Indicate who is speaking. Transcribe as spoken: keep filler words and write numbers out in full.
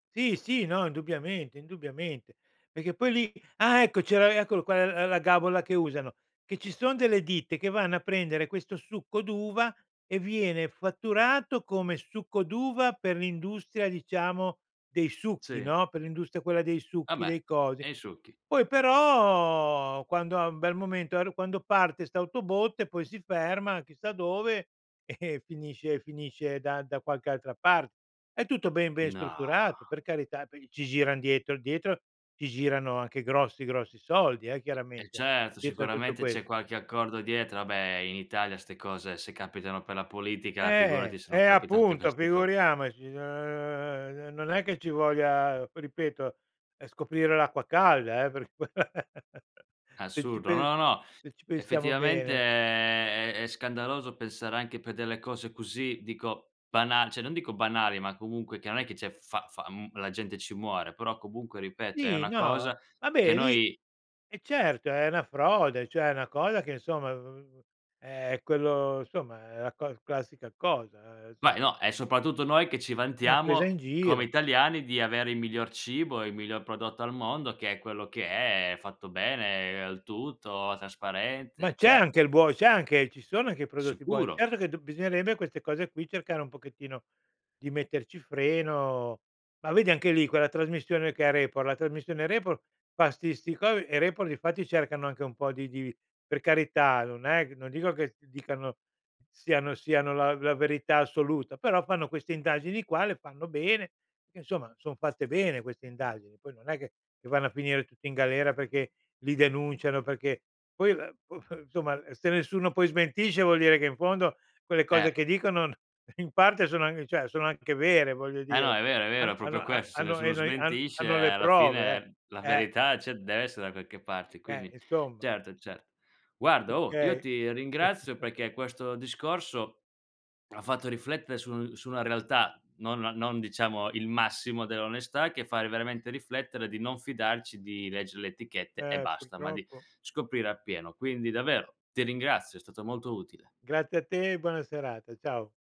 Speaker 1: Sì, sì, no, indubbiamente, indubbiamente. Perché poi lì ah ecco! C'era eccolo qua l la gabola che usano, che ci son delle ditte che vanno a prendere questo succo d'uva e viene fatturato come succo d'uva per l'industria, diciamo, dei succhi,
Speaker 2: Sì.
Speaker 1: no, per l'industria quella dei
Speaker 2: Ah
Speaker 1: succhi,
Speaker 2: beh.
Speaker 1: dei cosi.
Speaker 2: E i succhi.
Speaker 1: Poi, però, quando ha un bel momento [unintelligible] quando parte sta autobotte e poi si ferma chissà dove e finisce finisce da da qualche altra par è tutto ben ben
Speaker 2: No.
Speaker 1: strutturato, per carità, [unintelligible] ci giran dietro dietro ci girano anche grossi, grossi soldi eh,
Speaker 2: Eh
Speaker 1: chiaramente,
Speaker 2: certo,
Speaker 1: cietro a tutto
Speaker 2: sicuramente
Speaker 1: quest
Speaker 2: c'è qualche accordo dietro. Vabbè in Italia ste cose, se capitano per la politica, figurati
Speaker 1: Eh.
Speaker 2: se non
Speaker 1: Eh,
Speaker 2: capita anche per
Speaker 1: appunto
Speaker 2: ste co
Speaker 1: figuriamoci, n n non è che ci voglia ripeto, è scoprire l'acqua calda, eh, per se ci
Speaker 2: Assurdo.
Speaker 1: pens
Speaker 2: No, no,
Speaker 1: se ci pensiamo
Speaker 2: effettivamente
Speaker 1: bene.
Speaker 2: è è è scandaloso pensare anche per delle cose così, dico bana ceh, non dico banali, ma comunque che non è che c'è fa fa mhmm, la gente ci muore, però comunque, ripeto, è
Speaker 1: Sì,
Speaker 2: una
Speaker 1: no.
Speaker 2: cosa che
Speaker 1: Vabbè lì
Speaker 2: noi
Speaker 1: eh certo, è una frode, ceh, è una cosa che, insomma [unintelligible] è quello insomma, è la co classica cosa, inso
Speaker 2: Beh no, è soprattutto noi che ci
Speaker 1: Una presa in
Speaker 2: vantiamo come
Speaker 1: giro.
Speaker 2: italiani di avere il miglior cibo, il miglior prodotto al mondo, che è quello che è fatto bene, al tutto,
Speaker 1: Ma
Speaker 2: trasparente,
Speaker 1: c'è anche
Speaker 2: certo.
Speaker 1: il buo c'è anche ci sono anche i prodotti buoni.
Speaker 2: Sicuro.
Speaker 1: Certo che dob bisognerebbe a queste cose qui cercare un pochettino di metterci freno. Ma vedi, anche lì, quella trasmissione che è Report, la trasmissione Report fa sti sti cosi e Report difatti cercano anche un po' di di per carità, non è non dico che dicano siano siano la la verità assoluta, però fanno queste indagini qua, le fanno bene, perché, insomma, son fatte bene queste indagini. Poi non è che che vanno a finire tutti in galera perché li denunciano perché poi ehm, p p insomma se nessuno poi smentisce vuol dire che in fondo quelle cose
Speaker 2: Eh.
Speaker 1: che dicono in parte sono anc ceh, sono anche vere, voglio
Speaker 2: Eh no,
Speaker 1: dire.
Speaker 2: è vero, è
Speaker 1: Han
Speaker 2: vero, è
Speaker 1: hanno
Speaker 2: propio
Speaker 1: ha
Speaker 2: questo, se
Speaker 1: hanno
Speaker 2: nessuno
Speaker 1: eno i han
Speaker 2: smentisce
Speaker 1: hanno le
Speaker 2: alla
Speaker 1: prove,
Speaker 2: fine la
Speaker 1: eh.
Speaker 2: verità, ceh, dev'essere da qualche parte,
Speaker 1: Eh,
Speaker 2: quindi
Speaker 1: insomma.
Speaker 2: certo, cer guarda oh, io
Speaker 1: Okay.
Speaker 2: ti ringrazio perché questo discorso ha fatto riflettere su su una realtà, non non diciamo il massimo dell'onestà, che fa veramente riflettere di non fidarci di leggere le etichette e
Speaker 1: Eh,
Speaker 2: basta, ma di
Speaker 1: purtroppo
Speaker 2: scoprire appieno. Quindi davvero, ti ringrazio, è stato molto utile.
Speaker 1: Grazie a te e buona serata, ciao.